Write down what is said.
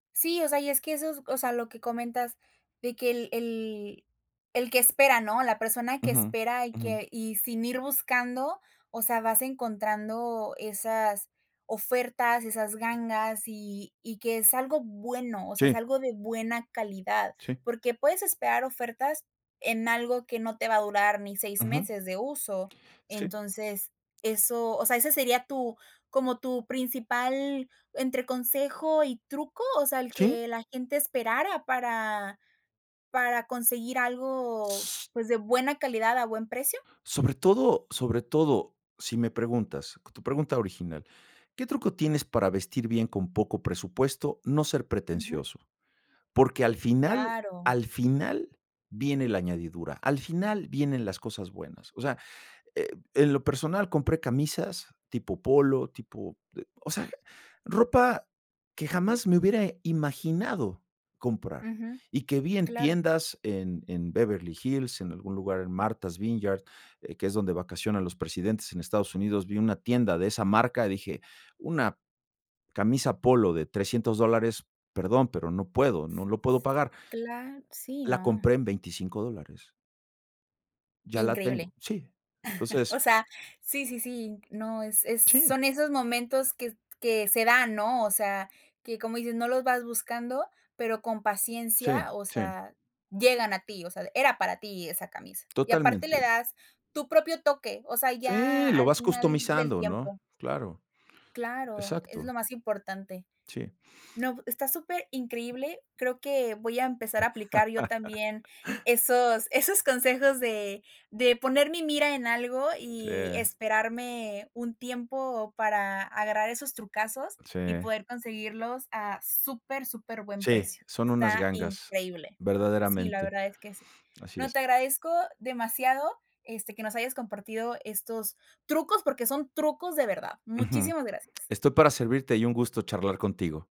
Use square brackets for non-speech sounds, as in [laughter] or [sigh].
Sí, o sea, y es que eso es o sea, lo que comentas, de que el el el que espera, ¿no? La persona que Ujú. espera, y Ujú. que y sin ir buscando, o sea, vas encontrando esas ofertas, esas gangas, y y que es algo bueno, o sea, es Sí. algo de buena calidad, Sí. porque puedes esperar ofertas en algo que no te va a durar ni 6 Ujú. meses de uso. Sí. Entonces, eso o sea, ¿ese sería tu, como tu principal, entre consejo y truco? O sea, ¿el Sí. que la gente esperara para para conseguir algo, pues, de buena calidad, a buen precio? Sobre todo sobre todo, si me preguntas tu pregunta original, ¿qué truco tienes, para vestir bien con poco presupuesto? No ser Ujú. pretencioso, porque, al final Claro. al final viene la añadidura, al final vienen las cosas buenas. O sea, eh, en lo personal compré camisas tipo polo, tipo, eh, o sea, ropa que jamás me hubiera imaginado comprar, Ujú. y que vi en Claro. tiendas en en Beverly Hills, en algún lugar, en Martha's Vineyard, que es donde vacacionan los presidentes en Estados Unidos, vi una tienda de esa marca, dije: "Una camisa polo de $300 dólares, perdón, pero no puedo, no lo puedo pagar". Cla Sí, La no. compré en $25 dólares. Ya la Increíble. tengo. Sí. [chuckles] Entonces O sea, sí, sí, sí, no, es es Sí. son esos momentos, que que se dan, ¿no? O sea, que, como dices, no los vas buscando, pero, con Sí, paciencia, o sí. sea, llegan a ti, o sea, era para ti esa camisa. Y aparte le Totalmente. das tu propio toque, o sea, ya Sí, lo al vas final del customizando, ¿no? tiempo Claro, Claro, es exacto. lo más importante. Sí. No, está superincreíble, creo que voy a empezar a aplicar yo también [laughs] esos, esos consejos de de poner mi mira en algo, Sí. y esperarme un tiempo para agarrar esos trucazos, y Sí. poder conseguirlos a super superbuen Sí, precio, son unas está gangas, increíble. Sí, la verdaderamente, verdad es que sí. [sniffs] así No, es. te agradezco demasiado, este, que nos hayas compartido estos trucos, porque son trucos de verdad. Ujú. Muchísimas gracias. Estoy para servirte, y un gusto charlar contigo.